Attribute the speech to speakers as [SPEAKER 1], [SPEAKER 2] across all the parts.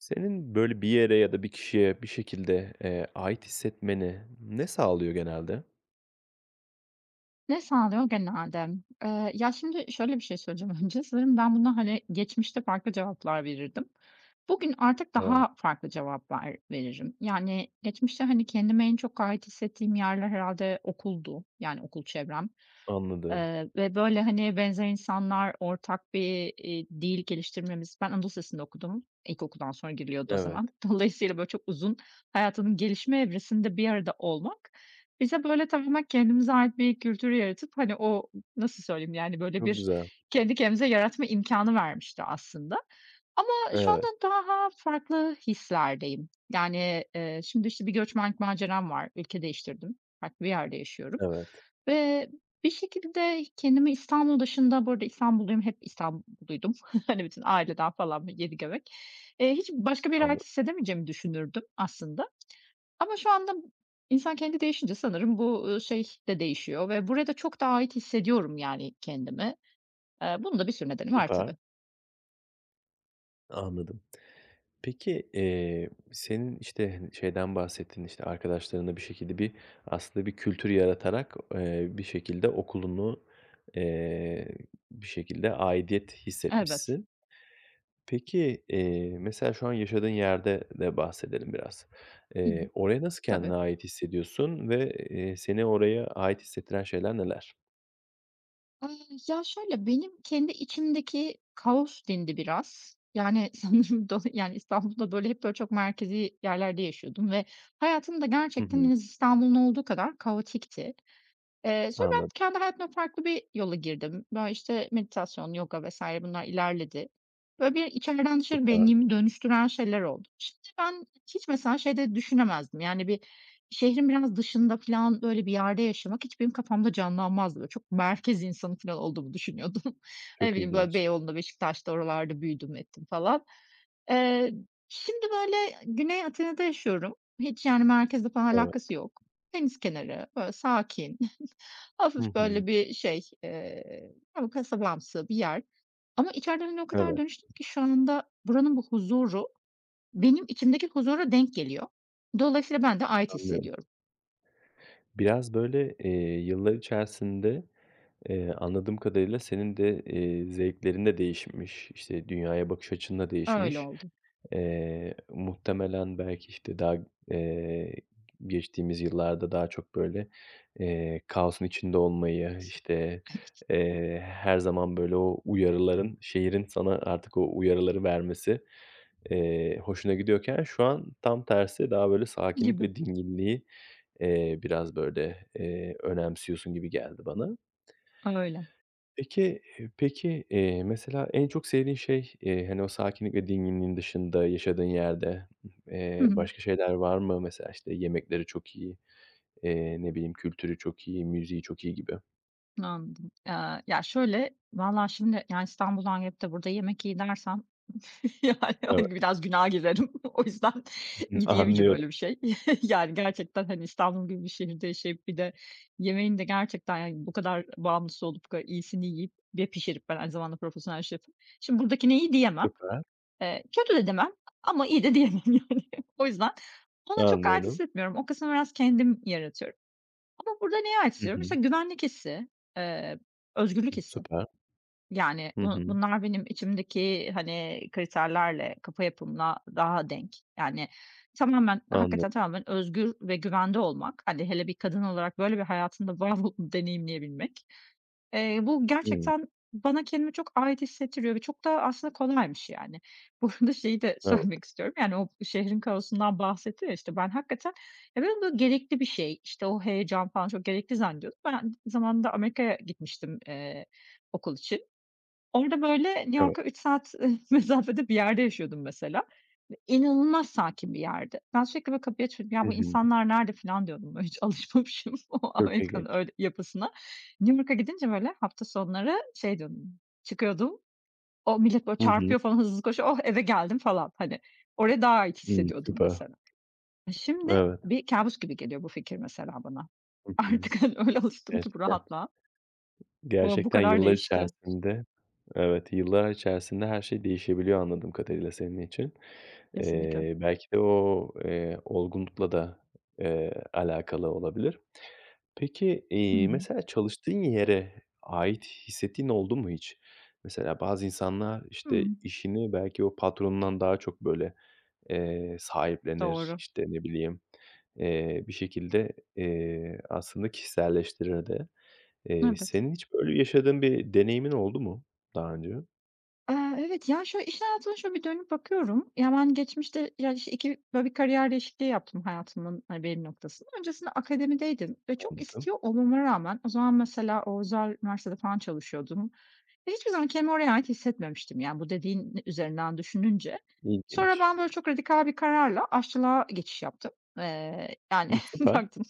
[SPEAKER 1] Senin, böyle, bir yere ya da bir kişiye bir şekilde, eee, ait hissetmeni ne sağlıyor genelde?
[SPEAKER 2] Ne sağlıyor genelde? Eee, ya, şimdi şöyle bir şey söyleyeceğim önce, sanırım ben buna, hani, geçmişte farklı cevaplar verirdim. Bugün artık
[SPEAKER 1] Hıı.
[SPEAKER 2] daha farklı cevaplar veririm. Yani, geçmişte, hani, kendimi en çok ait hissettiğim yerler herhâlde okuldu, yani, okul çevrem.
[SPEAKER 1] Anladım.
[SPEAKER 2] Eee, ve böyle, hani, benzer insanlar, ortak bir, iii, dil geliştirmemiz Ben Anadolu Lisesi'nde okudum. İlkokuldan sonra giriliyordu o
[SPEAKER 1] Evet.
[SPEAKER 2] zaman. Dolayısıyla, böyle, çok uzun, hayatımın gelişme evresinde bir arada olmak bize, böyle, tamamen kendimize ait bir kültür yaratıp, hani, o nasıl söyleyeyim, yani, böyle,
[SPEAKER 1] Çok
[SPEAKER 2] bir
[SPEAKER 1] güzel.
[SPEAKER 2] kendi kendimize yaratma imkânı vermişti aslında. Ama şu anda
[SPEAKER 1] Evet.
[SPEAKER 2] daha farklı hislerdeyim. Yani, eee, şimdi, işte, bir göçmenlik maceram var, ülke değiştirdim, farklı bir yerde yaşıyorum
[SPEAKER 1] Evet.
[SPEAKER 2] ve bir şekilde kendimi İstanbul dışında Bu arada İstanbulluyum, hep İstanbulluydum. Hani, bütün aileden falan, yedi göbek. Eee, hiç başka bir yere
[SPEAKER 1] Anladım.
[SPEAKER 2] ait hissedemeyeceğimi düşünürdüm aslında. Ama şu anda insan kendi değişince sanırım bu, ııı, şey de değişiyor ve buraya da çok daha ait hissediyorum, yani, kendimi. Eee, bunun da bir sürü nedeni var,
[SPEAKER 1] Süper.
[SPEAKER 2] tabii.
[SPEAKER 1] Anladım. Peki, eee, senin, işte, hani, şeyden bahsettin, işte, arkadaşlarınla bir şekilde bir, aslında bir kültür yaratarak, eee, bir şekilde okulunu, eee, bir şekilde aidiyet
[SPEAKER 2] Elbet.
[SPEAKER 1] hissetmişsin. Peki, eee, mesela şu an yaşadığın yerde de bahsedelim biraz.
[SPEAKER 2] Hı hı,
[SPEAKER 1] Eee, oraya nasıl
[SPEAKER 2] tabii.
[SPEAKER 1] kendine ait hissediyorsun ve, eee, seni oraya ait hissettiren şeyler neler?
[SPEAKER 2] Ya, şöyle, benim kendi içimdeki kaos dindi biraz. Yani, sanırım do yani, İstanbul'da, böyle, hep, böyle, çok merkezi yerlerde yaşıyordum ve hayatım da
[SPEAKER 1] Hı
[SPEAKER 2] gerçekten
[SPEAKER 1] hı.
[SPEAKER 2] en az İstanbul'un olduğu kadar kaotikti. Eee, sonra ben
[SPEAKER 1] Anladım.
[SPEAKER 2] kendi hayatımda farklı bir yola girdim. Böyle, işte, meditasyon, yoga vs. bunlar ilerledi. Böyle, bir içeriden dışarı
[SPEAKER 1] Süper.
[SPEAKER 2] benliğimi dönüştüren şeyler oldu. İşte, ben hiç mesela şey de düşünemezdim, yani, bir şehrin biraz dışında filan, böyle, bir yerde yaşamak hiç benim kafamda canlanmazdı. Böyle, çok merkez insanı filan olduğumu düşünüyordum. Ne
[SPEAKER 1] Çok
[SPEAKER 2] bileyim, böyle,
[SPEAKER 1] ilginç.
[SPEAKER 2] Beyoğlu'nda, Beşiktaş'ta, oralarda büyüdüm ettim falan. Eee, şimdi, böyle, Güney Atina'da yaşıyorum. Hiç, yani, merkezle falan
[SPEAKER 1] Evet.
[SPEAKER 2] alakası yok. Deniz kenarı, böyle, sakin,
[SPEAKER 1] Hı
[SPEAKER 2] hafif,
[SPEAKER 1] hı.
[SPEAKER 2] böyle, bir şey, eee, hani, kasabamsı bir yer ama içeriden, hani, o kadar
[SPEAKER 1] Evet.
[SPEAKER 2] dönüştüm ki şu anda buranın bu huzuru benim içimdeki huzura denk geliyor. Dolayısıyla ben de ait
[SPEAKER 1] Anlıyorum.
[SPEAKER 2] hissediyorum.
[SPEAKER 1] Biraz, böyle, eee, yıllar içerisinde, eee, anladığım kadarıyla senin de, eee, zevklerin de değişmiş, işte, dünyaya bakış açın da
[SPEAKER 2] Öyle
[SPEAKER 1] değişmiş.
[SPEAKER 2] oldu.
[SPEAKER 1] Eee, muhtemelen belki, işte, daha, eee, geçtiğimiz yıllarda daha çok, böyle, eee, kaosun içinde olmayı, işte,
[SPEAKER 2] Evet.
[SPEAKER 1] eee, her zaman, böyle, o uyarıların, şehrin sana artık o uyarıları vermesi, eee, hoşuna gidiyorken şu an tam tersi daha, böyle, sakinlik
[SPEAKER 2] Gibi.
[SPEAKER 1] ve dinginliği, eee, biraz, böyle, eee, önemsiyorsun gibi geldi bana.
[SPEAKER 2] Öyle.
[SPEAKER 1] Peki, eee, peki, eee, mesela, en çok sevdiğin şey, eee, hani, o sakinlik ve dinginliğin dışında yaşadığın yerde,
[SPEAKER 2] Hı
[SPEAKER 1] eee,
[SPEAKER 2] hı.
[SPEAKER 1] başka şeyler var mı? Mesela, işte, yemekleri çok iyi, eee, ne bileyim, kültürü çok iyi, müziği çok iyi gibi.
[SPEAKER 2] Anladım. Aaa, ya, şöyle, vallahi şimdi, yani, İstanbul'dan gelip de burada yemek iyi dersem, yani,
[SPEAKER 1] Evet.
[SPEAKER 2] hani, biraz günaha girerim. O yüzden
[SPEAKER 1] Hıı,
[SPEAKER 2] gi diyemeyeceğim
[SPEAKER 1] anlıyorum.
[SPEAKER 2] öyle bir şey. Yani, gerçekten, hani, İstanbul gibi bir şehirde yaşayıp bir de yemeğin de gerçekten, yani, bu kadar bağımlısı olup bu kadar iyisini yiyip ve pişirip, ben aynı zamanda profesyonel şefim, şimdi buradakine iyi diyemem.
[SPEAKER 1] Süper.
[SPEAKER 2] Eee, kötü de demem ama iyi de diyemem, yani. O yüzden ona çok ait
[SPEAKER 1] Anlıyorum.
[SPEAKER 2] hissetmiyorum. O kısmı biraz kendim yaratıyorum. Ama burada neye ait
[SPEAKER 1] Hı
[SPEAKER 2] hissediyorum?
[SPEAKER 1] hı.
[SPEAKER 2] İşte, güvenlik hissi, eee, özgürlük hissi.
[SPEAKER 1] Süper.
[SPEAKER 2] Yani,
[SPEAKER 1] Hı
[SPEAKER 2] bu
[SPEAKER 1] hı.
[SPEAKER 2] bunlar benim içimdeki, hani, kriterlerle, kafa yapımla daha denk. Yani, tamamen,
[SPEAKER 1] Anladım.
[SPEAKER 2] hakikaten tamamen özgür ve güvende olmak, hani, hele bir kadın olarak, böyle, bir hayatında [unintelligible] deneyimleyebilmek. Eee, bu
[SPEAKER 1] Hımm.
[SPEAKER 2] gerçekten bana kendimi çok ait hissettiriyor ve çok da aslında kolaymış, yani. Bu arada şeyi de
[SPEAKER 1] Evet.
[SPEAKER 2] söylemek istiyorum, yani, o şehrin kaosundan bahsettim, ya, işte, ben hakikaten, ya, ben onu gerekli bir şey, işte, o heyecan falan çok gerekli zannediyordum. Ben aynı zamanında Amerika'ya gitmiştim, eee, okul için. Orada, böyle, New
[SPEAKER 1] Evet.
[SPEAKER 2] York'a 3 saat mesafede bir yerde yaşıyordum mesela. E inanılmaz sakin bir yerdi. Ben sürekli, böyle, kapıyı açıyordum. "Ya,
[SPEAKER 1] Hı
[SPEAKER 2] bu
[SPEAKER 1] hı.
[SPEAKER 2] insanlar nerede?" filan diyordum. Böyle hiç alışmamışım o
[SPEAKER 1] Çok
[SPEAKER 2] Amerika'nın
[SPEAKER 1] ilginç.
[SPEAKER 2] öyle yapısına. New York'a gidince, böyle, hafta sonları şey diyordum, çıkıyordum. O millet, böyle,
[SPEAKER 1] Hı hı.
[SPEAKER 2] çarpıyor falan, hızlı koşuyor, "Oh, eve geldim." falan, hani. Oraya daha ait
[SPEAKER 1] Hı,
[SPEAKER 2] hissediyordum
[SPEAKER 1] süper.
[SPEAKER 2] mesela. Şimdi
[SPEAKER 1] Evet.
[SPEAKER 2] bir kâbus gibi geliyor bu fikir mesela bana.
[SPEAKER 1] Hı hı.
[SPEAKER 2] Artık, hani, öyle alıştım ki bu
[SPEAKER 1] Gerçekten.
[SPEAKER 2] rahatlığa. Bu bu
[SPEAKER 1] Gerçekten
[SPEAKER 2] kadar
[SPEAKER 1] yıllar
[SPEAKER 2] değişti.
[SPEAKER 1] içerisinde, evet, yıllar içerisinde her şey değişebiliyor anladığım kadarıyla senin için.
[SPEAKER 2] Kesinlikle.
[SPEAKER 1] Eee, belki de o, eee, olgunlukla da, eee, alakalı olabilir. Peki,
[SPEAKER 2] Hı
[SPEAKER 1] iii,
[SPEAKER 2] hı.
[SPEAKER 1] mesela çalıştığın yere ait hissettiğin oldu mu hiç? Mesela bazı insanlar, işte,
[SPEAKER 2] Hımm.
[SPEAKER 1] işini belki o patronundan daha çok, böyle, eee, sahiplenir,
[SPEAKER 2] Doğru.
[SPEAKER 1] işte, ne bileyim, eee, bir şekilde, eee, aslında kişiselleştirir de. Eee,
[SPEAKER 2] Evet.
[SPEAKER 1] senin hiç böyle yaşadığın bir deneyimin oldu mu daha önce?
[SPEAKER 2] Eee, evet, ya, şöyle, iş hayatıma şöyle bir dönüp bakıyorum. Ya, ben geçmişte, ya, işte, 2 böyle, bir kariyer değişikliği yaptım hayatımın, hani, belli noktasında. Öncesinde akademideydim ve çok
[SPEAKER 1] Anladım.
[SPEAKER 2] istiyor olmama rağmen o zaman mesela o özel üniversitede falan çalışıyordum ve hiçbir zaman kendimi oraya ait hissetmemiştim, yani, bu dediğin üzerinden düşününce. Sonra
[SPEAKER 1] İlginç.
[SPEAKER 2] ben, böyle, çok radikal bir kararla aşçılığa geçiş yaptım. Eee, yani,
[SPEAKER 1] Hımm, süper.
[SPEAKER 2] bıraktım,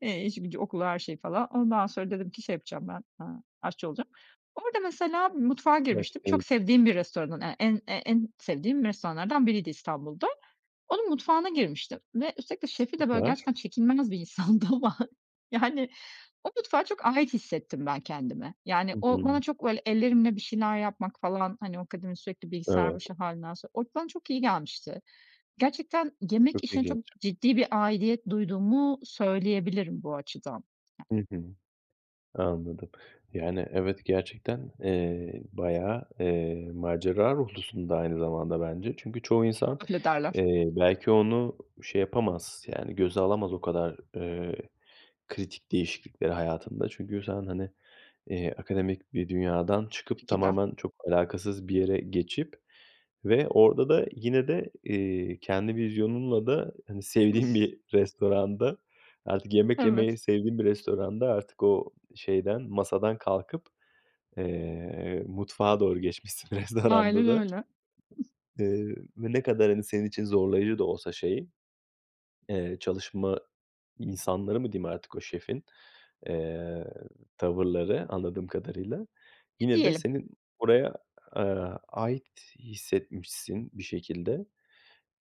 [SPEAKER 2] eee, işi gücü, okulu, her şeyi falan. Ondan sonra dedim ki şey yapacağım ben, eee, aşçı olacağım. Orada mesela mutfağa girmiştim.
[SPEAKER 1] Gerçekten.
[SPEAKER 2] Çok
[SPEAKER 1] [unintelligible]
[SPEAKER 2] sevdiğim bir restoranın e en e en sevdiğim restoranlardan biriydi İstanbul'da. Onun mutfağına girmiştim ve üstelik de şefi de, böyle,
[SPEAKER 1] Süper.
[SPEAKER 2] gerçekten çekilmez bir insandı ama, yani, o mutfağa çok ait hissettim ben kendimi. Yani,
[SPEAKER 1] Hı
[SPEAKER 2] o bana
[SPEAKER 1] hı.
[SPEAKER 2] çok, böyle, ellerimle bir şeyler yapmak falan, hani, o akademi, sürekli bilgisayar
[SPEAKER 1] Evet.
[SPEAKER 2] başı hâlinden sonra, o bana çok iyi gelmişti. Gerçekten
[SPEAKER 1] Çok
[SPEAKER 2] yemek işine çok
[SPEAKER 1] ilginç.
[SPEAKER 2] ciddi bir aidiyet duyduğumu söyleyebilirim bu açıdan.
[SPEAKER 1] Hı hı. Anladım. Yani, evet, gerçekten, eee, bayağı, eee, macera ruhlusun da aynı zamanda bence. Çünkü çoğu insan,
[SPEAKER 2] Öyle derler.
[SPEAKER 1] eee, belki onu şey yapamaz, yani, göze alamaz o kadar, eee, kritik değişiklikleri hayatında. Çünkü sen, hani, eee, akademik bir dünyadan çıkıp
[SPEAKER 2] [unintelligible]
[SPEAKER 1] tamamen çok alakasız bir yere geçip ve orada da yine de, iii, kendi vizyonunla da, hani, sevdiğin bir restoranda, artık yemek
[SPEAKER 2] Evet.
[SPEAKER 1] yemeyi sevdiğin bir restoranda, artık o şeyden, masadan kalkıp, eee, mutfağa doğru geçmişsin restoranda
[SPEAKER 2] Aynen
[SPEAKER 1] da.
[SPEAKER 2] öyle.
[SPEAKER 1] Eee, ne kadar, hani, senin için zorlayıcı da olsa şey, eee, çalışma insanları mı diyeyim artık, o şefin, eee, tavırları anladığım kadarıyla
[SPEAKER 2] E,
[SPEAKER 1] yine de
[SPEAKER 2] diyelim.
[SPEAKER 1] senin oraya, aaa, ait hissetmişsin bir şekilde.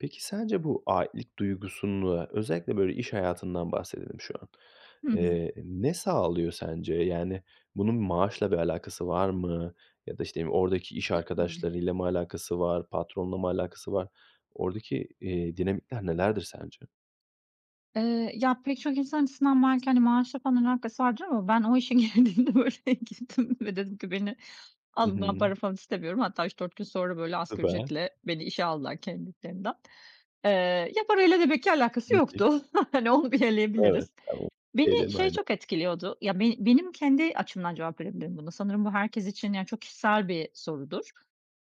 [SPEAKER 1] Peki, sence bu aitlik duygusunu, özellikle, böyle, iş hayatından bahsedelim şu an.
[SPEAKER 2] Hı hı.
[SPEAKER 1] Eee, ne sağlıyor sence? Yani, bunun maaşla bir alakası var mı ya da, işte, oradaki iş
[SPEAKER 2] [unintelligible]
[SPEAKER 1] arkadaşlarıyla mı alakası var? Patronla mı alakası var? Oradaki, iii, dinamikler nelerdir sence?
[SPEAKER 2] Eee, ya, pek çok insan açısından belki, hani, maaşla falan alakası vardır ama ben o işe girdiğimde, böyle, girdim ve dedim ki beni
[SPEAKER 1] Hı
[SPEAKER 2] alın, ben
[SPEAKER 1] hı.
[SPEAKER 2] para falan istemiyorum. Hatta 3-4 gün sonra, böyle, asgari
[SPEAKER 1] Süper.
[SPEAKER 2] ücretle beni işe aldılar kendiliklerinden. Eee, ya, parayla demek ki alakası
[SPEAKER 1] Müthiş.
[SPEAKER 2] yoktu. Hani, onu bir
[SPEAKER 1] Evet.
[SPEAKER 2] eleyebiliriz.
[SPEAKER 1] Tamam.
[SPEAKER 2] Beni
[SPEAKER 1] [unintelligible]
[SPEAKER 2] şey
[SPEAKER 1] Aynen.
[SPEAKER 2] çok etkiliyordu, ya, ben benim kendi açımdan cevap verebilirim buna. Sanırım bu herkes için, yani, çok kişisel bir sorudur.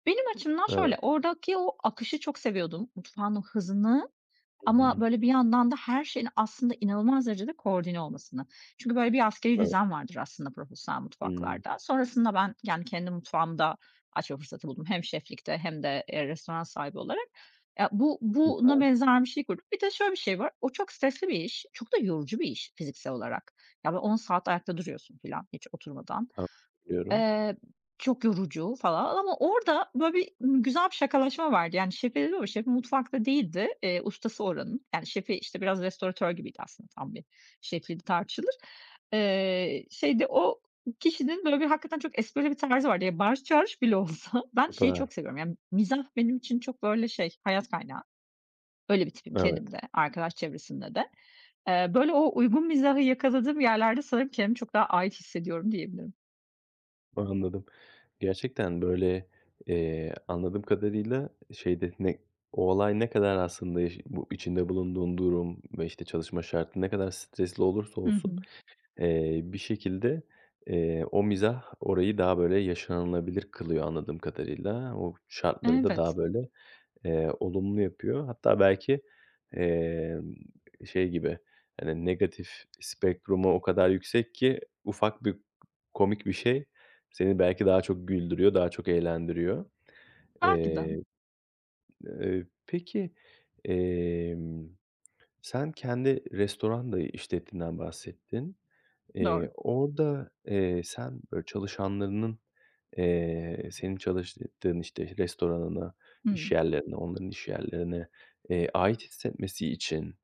[SPEAKER 2] Benim açımdan
[SPEAKER 1] Evet.
[SPEAKER 2] şöyle, oradaki o akışı çok seviyordum, mutfağın o hızını
[SPEAKER 1] Hı
[SPEAKER 2] ama,
[SPEAKER 1] hı.
[SPEAKER 2] böyle, bir yandan da her şeyin aslında inanılmaz derecede koordine olmasını. Çünkü, böyle, bir askerî
[SPEAKER 1] Evet.
[SPEAKER 2] düzen vardır aslında profesyonel
[SPEAKER 1] Hımm.
[SPEAKER 2] mutfaklarda. Sonrasında ben, yani, kendi mutfağımı da açma fırsatı buldum. Hem şeflikte hem de, eee, restoran sahibi olarak. Ya, bu buna
[SPEAKER 1] Süper.
[SPEAKER 2] benzer bir şey kurduk. Bir de şöyle bir şey var, o çok stresli bir iş, çok da yorucu bir iş fiziksel olarak. Ya, böyle, 10 saat ayakta duruyorsun filan hiç oturmadan.
[SPEAKER 1] [unintelligible]
[SPEAKER 2] Eee, çok yorucu falan ama orada, böyle, bir güzel bir şakalaşma vardı. Yani, [unintelligible] Şefim dedim ama şefim mutfakta değildi, eee, ustası oranın. Yani, şefi, işte, biraz restoratör gibiydi aslında tam bir şefliği de tartışılır. Eee, şeyde o kişinin, böyle, bir hakikaten çok esprili bir tarzı vardı. Ya, bağırış çağırış bile olsa ben şeyi
[SPEAKER 1] Süper.
[SPEAKER 2] çok seviyorum, ya, mizah benim için çok, böyle, şey hayat kaynağı. Öyle bir tipim kendim
[SPEAKER 1] Evet.
[SPEAKER 2] de, arkadaş çevresinde de. Eee, böyle, o uygun mizahı yakaladığım yerlerde sanırım kendimi çok daha ait hissediyorum diyebilirim.
[SPEAKER 1] Anladım. Gerçekten, böyle, eee, anladığım kadarıyla, şeyde, ne o olay ne kadar aslında eş bu içinde bulunduğun durum ve, işte, çalışma şartı ne kadar stresli olursa
[SPEAKER 2] Hı
[SPEAKER 1] olsun,
[SPEAKER 2] hı.
[SPEAKER 1] eee, bir şekilde, eee, o mizah orayı daha, böyle, yaşanılabilir kılıyor anladığım kadarıyla. O şartları da
[SPEAKER 2] Evet.
[SPEAKER 1] daha, böyle, eee, olumlu yapıyor. Hatta belki, eee, şey gibi, hani, negatif spektrumu o kadar yüksek ki ufak bir komik bir şey, seni belki daha çok güldürüyor, daha çok eğlendiriyor.
[SPEAKER 2] Belki de.
[SPEAKER 1] Eee, eee, peki, emm, sen kendi restoran da işlettiğinden bahsettin. İii,
[SPEAKER 2] Doğru.
[SPEAKER 1] orada, eee, sen, böyle, çalışanlarının, eee, senin çalıştığın, işte, restoranına, iş
[SPEAKER 2] Hıı.
[SPEAKER 1] yerlerine, onların iş yerlerine, eee, ait hissetmesi için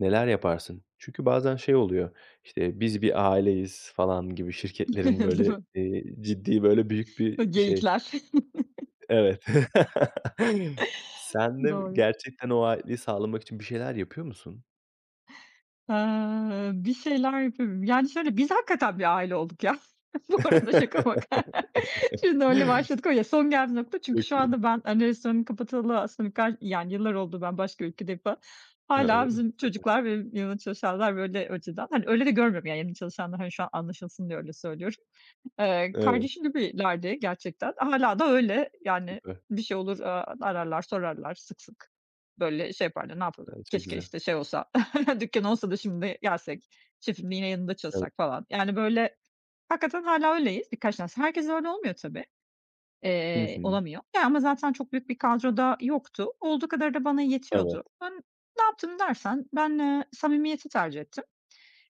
[SPEAKER 1] neler yaparsın? Çünkü bazen şey oluyor, işte, biz bir aileyiz, falan gibi şirketlerin,
[SPEAKER 2] Değil
[SPEAKER 1] böyle,
[SPEAKER 2] mi?
[SPEAKER 1] eee, ciddi, böyle, büyük bir
[SPEAKER 2] Hı,
[SPEAKER 1] şey.
[SPEAKER 2] geyikler.
[SPEAKER 1] Evet. Sen de
[SPEAKER 2] Doğru.
[SPEAKER 1] gerçekten o aitliği sağlamak için bir şeyler yapıyor musun?
[SPEAKER 2] Aaa, bir şeyler yapıyorum. Yani, şöyle, biz hakikaten bir aile olduk, ya. Bu arada şaka maka. Şimdi öyle başladık, o ya son geldiği nokta. Çünkü şu
[SPEAKER 1] Peki.
[SPEAKER 2] anda ben, hani, restoranı kapatalı aslında ka yani, yıllar oldu, ben başka ülkedeyim falan,
[SPEAKER 1] A!
[SPEAKER 2] hâlâ
[SPEAKER 1] Öyle mi?
[SPEAKER 2] bizim
[SPEAKER 1] Tabii.
[SPEAKER 2] çocuklar ve benim yanımda çalışanlar, böyle, önceden. Hani, öyle de görmüyorum, yani. Yani, çalışanları, hani, şu an anlaşılsın diye öyle söylüyorum. Eee,
[SPEAKER 1] Evet.
[SPEAKER 2] kardeşim gibilerdi gerçekten, hâlâ da öyle. Yani,
[SPEAKER 1] Süper.
[SPEAKER 2] bir şey olur, aaa, ararlar, sorarlar sık sık. Böyle şey yaparlar, ne yapalım,
[SPEAKER 1] A! Çok
[SPEAKER 2] keşke,
[SPEAKER 1] güzel.
[SPEAKER 2] işte, "şey olsa, dükkân olsa da şimdi gelsek, şefim, yine yanında
[SPEAKER 1] Evet.
[SPEAKER 2] çalışsak" falan. Yani, böyle, hakikaten hâlâ öyleyiz birkaç tanesi. Herkesle öyle olmuyor tabii,
[SPEAKER 1] Hı
[SPEAKER 2] eee,
[SPEAKER 1] hı.
[SPEAKER 2] olamıyor, ya, ama zaten çok büyük bir kadro da yoktu. Olduğu kadarı da bana
[SPEAKER 1] Evet.
[SPEAKER 2] yetiyordu. Ben ne yaptım dersen ben, eee, samimiyeti tercih ettim.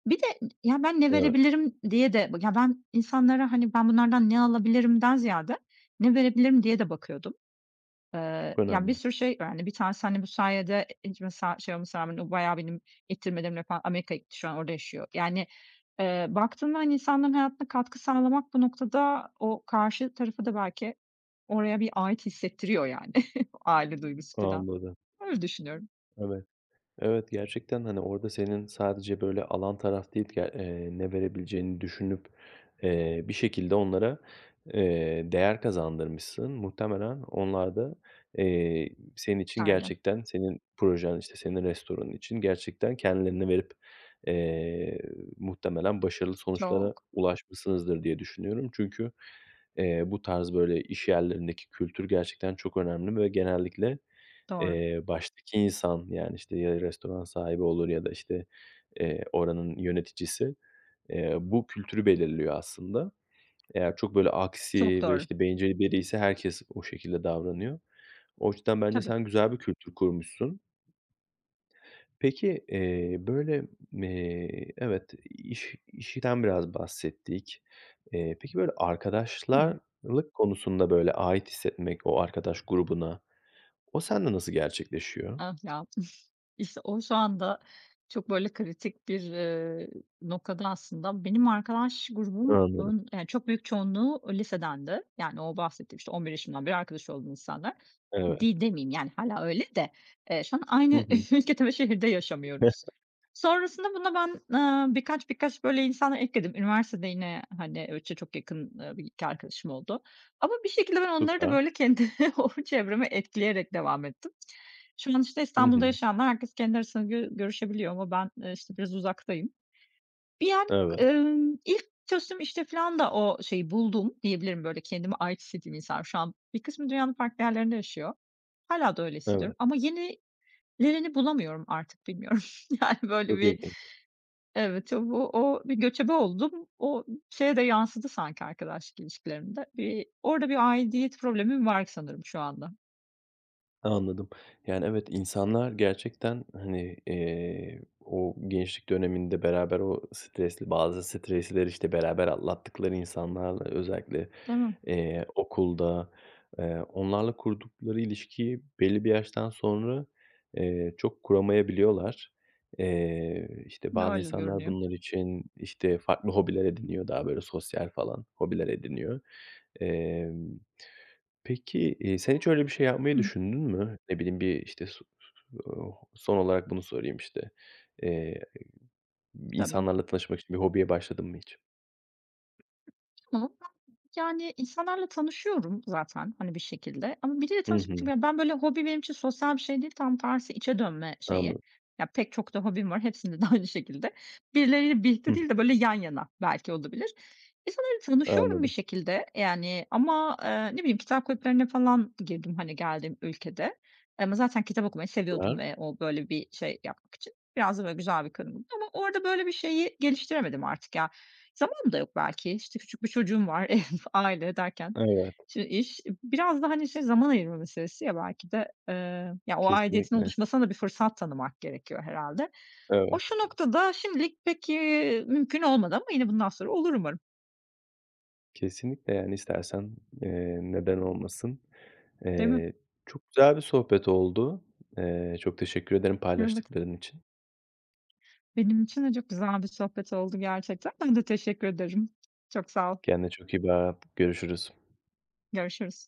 [SPEAKER 2] Bir de, ya, ben ne
[SPEAKER 1] Evet.
[SPEAKER 2] verebilirim diye de Ya, ben insanlara, hani, ben bunlardan ne alabilirimden ziyade ne verebilirim diye de bakıyordum. Eee,
[SPEAKER 1] Çok
[SPEAKER 2] ya, bir
[SPEAKER 1] önemli.
[SPEAKER 2] sürü şey, yani, 1 tanesi, hani, bu sayede ilk mesela, şey olmasına rağmen o bayağı benim ittirmelerimle falan Amerika'ya gitti, şu an orada yaşıyor. Yani, eee, baktığında, hani, insanların hayatına katkı sağlamak bu noktada o karşı tarafı da belki oraya bir ait hissettiriyor, yani, aile duygusu filan.
[SPEAKER 1] Anladım.
[SPEAKER 2] Öyle düşünüyorum.
[SPEAKER 1] Evet. Evet, gerçekten, hani, orada senin sadece, böyle, alan taraf değil, ya eee, ne verebileceğini düşünüp, eee, bir şekilde onlara, eee, değer kazandırmışsın. Muhtemelen onlar da, eee, senin için,
[SPEAKER 2] [unintelligible]
[SPEAKER 1] gerçekten senin projen, işte, senin restoranın için gerçekten kendilerini verip, eee, muhtemelen başarılı sonuçlara
[SPEAKER 2] Çok.
[SPEAKER 1] ulaşmışsınızdır diye düşünüyorum. Çünkü, eee, bu tarz, böyle, işyerlerindeki kültür gerçekten çok önemli ve genellikle,
[SPEAKER 2] Doğru.
[SPEAKER 1] eee, baştaki insan, yani, işte, ya restoran sahibi olur ya da, işte, eee, oranın yöneticisi, eee, bu kültürü belirliyor aslında. Eğer çok, böyle,
[SPEAKER 2] Çok
[SPEAKER 1] aksi ve,
[SPEAKER 2] doğru.
[SPEAKER 1] işte, bencil bir biriyse herkes o şekilde davranıyor. O [unintelligible] bence
[SPEAKER 2] Tabii.
[SPEAKER 1] sen güzel bir kültür kurmuşsun. Peki, eee, böyle, eee, evet iş işten biraz bahsettik. Eee, peki, böyle,
[SPEAKER 2] Hımm.
[SPEAKER 1] arkadaşlarlık konusunda, böyle, ait hissetmek o arkadaş grubuna o sende nasıl gerçekleşiyor?
[SPEAKER 2] Ah, ya. İşte, o şu anda çok, böyle, kritik bir, eee, noktada aslında benim arkadaş grubumun,
[SPEAKER 1] Anladım.
[SPEAKER 2] yani, çok büyük çoğunluğu lisedendi. Yani, o bahsettiğim, işte, 11 yaşımdan beri arkadaş olduğum insanlar
[SPEAKER 1] Evet.
[SPEAKER 2] di demeyeyim, yani, hâlâ öyle de, eee, şu an
[SPEAKER 1] Hı
[SPEAKER 2] aynı
[SPEAKER 1] hı.
[SPEAKER 2] ülkede ve şehirde yaşamıyoruz. Sonrasında buna ben, aaa, birkaç birkaç, böyle, insanlar ekledim. Üniversitede yine, hani, öyle ço çok yakın, eee, 1-2 arkadaşım oldu ama bir şekilde ben onları da,
[SPEAKER 1] Süper.
[SPEAKER 2] böyle, kendi o çevreme etkileyerek devam ettim. Şu an, işte,
[SPEAKER 1] Hı
[SPEAKER 2] İstanbul'da
[SPEAKER 1] hı.
[SPEAKER 2] yaşayanlar herkes kendi arasında gö görüşebiliyor ama ben, eee, işte, biraz uzaktayım. Bir an,
[SPEAKER 1] Evet.
[SPEAKER 2] ımm, ilk çalıştığım işte filan da o şeyi buldum diyebilirim, böyle, kendimi ait hissettiğim insanlar Şu an bir kısmı dünyanın farklı yerlerinde yaşıyor. Hâlâ da öyle
[SPEAKER 1] Evet.
[SPEAKER 2] hissediyorum ama yenilerini bulamıyorum artık, bilmiyorum. Yani, böyle,
[SPEAKER 1] Çok
[SPEAKER 2] bir
[SPEAKER 1] ilginç.
[SPEAKER 2] evet, o bu o bir göçebe oldum, o şeye de yansıdı sanki arkadaşlık ilişkilerime de. Bir orada bir aidiyet problemim var sanırım şu anda.
[SPEAKER 1] Anladım. Yani, evet, insanlar gerçekten, hani, eee, o gençlik döneminde beraber o stresli, bazı stresleri, işte, beraber atlattıkları insanlarla özellikle,
[SPEAKER 2] Değil mi?
[SPEAKER 1] eee, okulda, eee, onlarla kurdukları ilişkiyi belli bir yaştan sonra, eee, çok kuramayabiliyorlar. Eee, işte, bazı
[SPEAKER 2] Öyle de
[SPEAKER 1] insanlar
[SPEAKER 2] görünüyor.
[SPEAKER 1] bunlar için, işte, farklı hobiler ediniyor. Daha, böyle, sosyal falan hobiler ediniyor. Emm, peki, eee, sen hiç öyle bir şey yapmayı
[SPEAKER 2] Hımm.
[SPEAKER 1] düşündün mü? Ne bileyim, bir, işte, su [unintelligible] son olarak bunu sorayım, işte. Eee,
[SPEAKER 2] Tabii.
[SPEAKER 1] insanlarla tanışmak için bir hobiye başladın mı hiç?
[SPEAKER 2] [unintelligible] Yani, insanlarla tanışıyorum zaten, hani, bir şekilde ama biriyle
[SPEAKER 1] Hı
[SPEAKER 2] tanışmak
[SPEAKER 1] hı.
[SPEAKER 2] için ben, böyle, hobi benim için sosyal bir şey değil. Tam tersi içe dönme şeyi,
[SPEAKER 1] Anlad
[SPEAKER 2] ya, pek çok da hobim var, hepsinde de aynı şekilde. Birileriyle birlikte
[SPEAKER 1] Hıh.
[SPEAKER 2] değil de, böyle, yan yana belki olabilir. İnsanlarla tanışıyorum bir
[SPEAKER 1] Anladım.
[SPEAKER 2] şekilde, eee, yani, ama, eee, ne bileyim, kitap kulüplerine falan girdim, hani, geldiğim ülkede ama zaten kitap okumayı seviyordum
[SPEAKER 1] Süper.
[SPEAKER 2] ve o, böyle, bir şey yapmak için biraz da, böyle, güzel bir [unintelligible] ama orada, böyle, bir şeyi geliştiremedim artık, ya. Zamanım da yok belki. İşte, küçük bir çocuğum var. Ev, aile derken.
[SPEAKER 1] Evet.
[SPEAKER 2] Şimdi iş biraz da, hani, şey zaman ayırma meselesi, ya, belki de, eee, ya, o aidiyetin
[SPEAKER 1] Kesinlikle.
[SPEAKER 2] oluşmasına da bir fırsat tanımak gerekiyor herhâlde. O
[SPEAKER 1] Evet.
[SPEAKER 2] şu noktada şimdilik pek, iii, mümkün olmadı ama yine bundan sonra olur umarım.
[SPEAKER 1] Kesinlikle, yani, istersen, eee, neden olmasın?
[SPEAKER 2] Değil mi?
[SPEAKER 1] Eee, çok güzel bir sohbet oldu. Eee, çok teşekkür ederim
[SPEAKER 2] Evet.
[SPEAKER 1] paylaştıkların için.
[SPEAKER 2] Benim için de çok güzel bir sohbet oldu gerçekten. Ben de teşekkür ederim. Çok sağ ol.
[SPEAKER 1] Kendine çok iyi bak. Görüşürüz.
[SPEAKER 2] Görüşürüz.